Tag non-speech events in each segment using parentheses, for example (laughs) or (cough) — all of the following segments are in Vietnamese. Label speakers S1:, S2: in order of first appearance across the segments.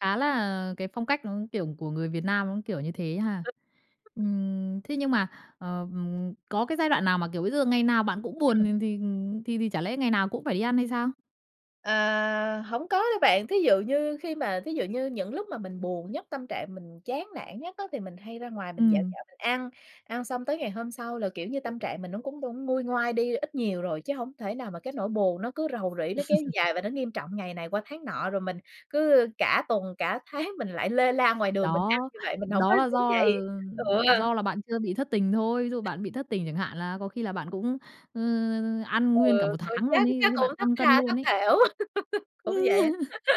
S1: Khá là cái phong cách nó, kiểu của người Việt Nam nó kiểu như thế ha. Ừm, thế nhưng mà, ờ, ừm, có cái giai đoạn nào mà, kiểu bây giờ ngày nào bạn cũng buồn,
S2: Ừm.
S1: ừm, thì thì thì chả lẽ ngày nào cũng phải đi ăn hay sao?
S2: Ờ, hổng có đâu bạn. Thí dụ như khi mà thí dụ như những lúc mà mình buồn nhất, tâm trạng mình chán nản nhất á thì mình hay ra ngoài mình dạo
S1: Ừm.
S2: dạo mình ăn, ăn xong tới ngày hôm sau là, kiểu như, tâm trạng mình nó cũng cũng nguôi ngoai đi ít nhiều rồi, chứ hổng thể nào mà cái nỗi buồn nó cứ rầu rĩ nó kéo
S1: (chuckles)
S2: dài và nó nghiêm trọng ngày này qua tháng nọ, rồi mình cứ, ơ, cả tuần cả tháng mình lại lê la ngoài đường mình ăn
S1: Đó,
S2: như vậy, mình hổng có
S1: đó là
S2: tự
S1: do là,
S2: vậy.
S1: ừm,
S2: Ừ.
S1: do là bạn chưa bị thất tình thôi, ví dụ bạn bị thất tình chẳng hạn là có khi là bạn cũng, ơ, ăn
S2: Ừ,
S1: nguyên cả 1
S2: ừ,
S1: tháng
S2: chắc
S1: luôn ấy, có
S2: chắc
S1: khi bạn
S2: cũng thất
S1: tăng cân
S2: tha thất
S1: luôn ấy.
S2: thểu, (laughs) cũng vậy á.
S1: (chuckles)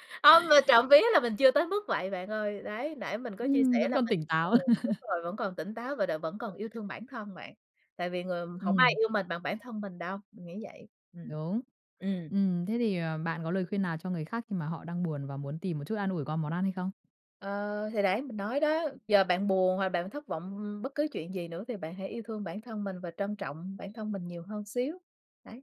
S2: (laughs) Hông, mà trộm vía là mình chưa tới mức vậy bạn ơi, đấy, nãy mình có chia
S1: Ừm,
S2: sẻ
S1: vẫn
S2: là
S1: còn
S2: mình
S1: tỉnh
S2: ờ,
S1: táo.
S2: đúng
S1: (chuckles)
S2: rồi, vẫn còn tỉnh táo và đ vẫn còn yêu thương bản thân, bạn, tại vì người hổng ai
S1: Ừm.
S2: yêu mình bằng bản thân mình đâu, mình nghĩ vậy. Ừm.
S1: Đúng.
S2: Ừm.
S1: Ừm, thế thì, ờ, bạn có lời khuyên nào cho người khác khi mà họ đang buồn và muốn tìm một chút an ủi qua món ăn hay không?
S2: Ờ, thì đấy, mình nói đó, giờ bạn buồn hoặc bạn thất vọng, ưm, bất cứ chuyện gì nữa thì bạn hãy yêu thương bản thân mình và trân trọng bản thân mình nhiều hơn xíu. Đấy.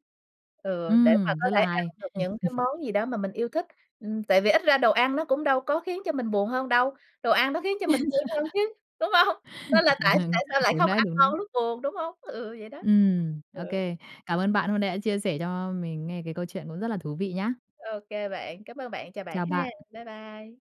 S2: Ừ, để mà
S1: Ừm,
S2: có
S1: rất
S2: thể
S1: là
S2: ăn
S1: hay!
S2: được những cái
S1: (chuckles)
S2: món gì đó mà mình yêu thích, ừm, tại vì ít ra đồ ăn nó cũng đâu có khiến cho mình buồn hơn đâu, đồ ăn nó khiến cho mình vui hơn
S1: (laughs)
S2: chứ, đúng không? Nên là tại tại
S1: (chuckles)
S2: sao lại
S1: Đúng
S2: không
S1: đấy,
S2: ăn
S1: đúng đấy.
S2: ngon lúc buồn, đúng hông? Ừ, vậy đó.
S1: Ừm, ô
S2: Ừ.
S1: kê. Cảm ơn bạn hôm nãy đã chia sẻ cho mình nghe cái câu chuyện cũng rất là thú vị nhá!
S2: Ô kê bạn. Cám ơn bạn, chào bạn
S1: Chào
S2: ha.
S1: bạn.
S2: Bye bye!